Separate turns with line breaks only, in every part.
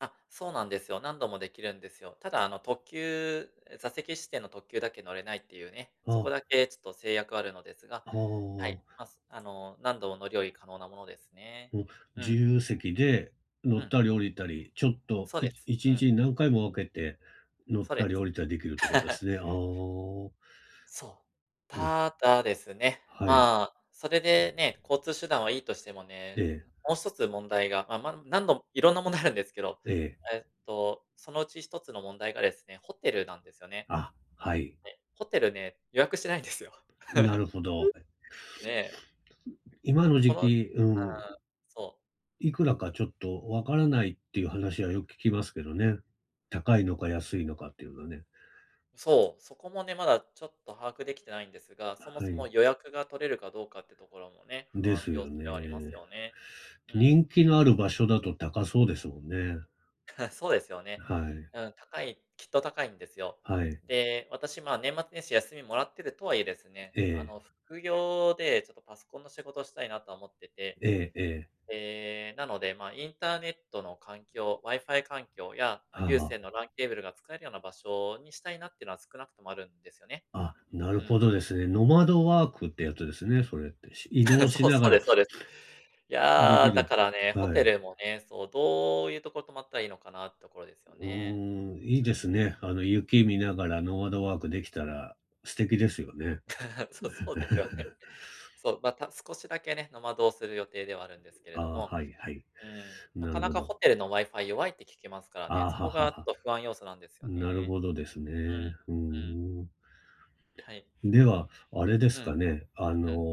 あっ、そうなんですよ、何度もできるんですよ。ただあの、特急、座席指定の特急だけ乗れないっていうね、
あ
そこ
あ。
だけちょっと制約はあるのですが、
ああ
はい、
ああ。
ま、あの、何度も乗り降り可能なものですね。
うん、
う
自
ん。
由席で乗
う
っ
ん。
たり、降りたり、ちょっと、
そう
い
です、
いち
う
に
ん。
ちに何回も分けて乗っ
そう
た
で
り
す。
降りたりできるって事で すね。ああ。
そう。
うん。
ただですね、
はい。
まあ、それでね、交通手段はいいとしても
え
ね、
え。
もう1つ問題が。まま、何度いろんな問題あるんですけど、
ええ。
えっと、そのうち1つの問題がですね、ホテルなんですよね。
あ、はい。
ねホテルね、予約してないんですよ。
な るほど。はい。
ねえ。
今の
[unintelligible] こ
時
の、は
期、うん。
あ、そう。
いくらかちょっと分から
うん。
ないっていう話はよく聞きますけどね。高いのか、安いのかっていうのはね。
そう、そこもね、まだちょっと把握できてないんですが、そも
は
そも
い。
予約が取れるかどうかってところもね、不
で
安
す
要
よ
素ではあります
ね。
よね。うん。
人気のある場所だと高そうですもんね。
そうですよね。
はい。
うん、高い、きっと高いんですよ。
はい。
で、私ま、年末年始休みもらってるとはいえですね、
え
あ
え。
の、副業でちょっとパソコンの仕事したいなとは思ってて。
ええええ。
ええ、なので、ま、インターネットの環境、WiFi 環境や、
ああ
有
ああ。
線の LAN ケーブルが使えるような場所にしたいなってのは少なくともあるんですよね。
あ、なる
う
ほ
ん。
どですね。ノマドワークってやつですね、それって。し移 動し
そう
なが
そう
ら、
ですそうです。
で
やあ、
き
だ
る。
からね、ホ
は
テル
い。
もね、そう、どういうとこ泊まったらいいのかなってところですよ
う
ね。
ーん、いい
う
で
ん。
すね。あの、雪見ながらノマドワークできたら素敵ですよね。
そそうですよね。そう、また少しだけね、ノマドをする予定ではあるんですけれ
あ
ど
あ、
も。
はいはい。
うーん、な
な
か
る
な
ほ
かホ
ど。
テルの WiFi 弱いって聞きますからね。
ああ、
そ
はあ
こ
は
がち
あはあ。
ょっと不安要素なんですよ
なる
ね。
ほどです
う
ね。
ん。
ふー
うん。
ん。
はい。
では、あれです
うん。
かね。あの、
うん。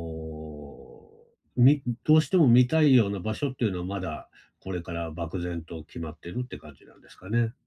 みどうしても見たいような場所っていうのは、まだこれから漠然と決まってるって感じなんですかね。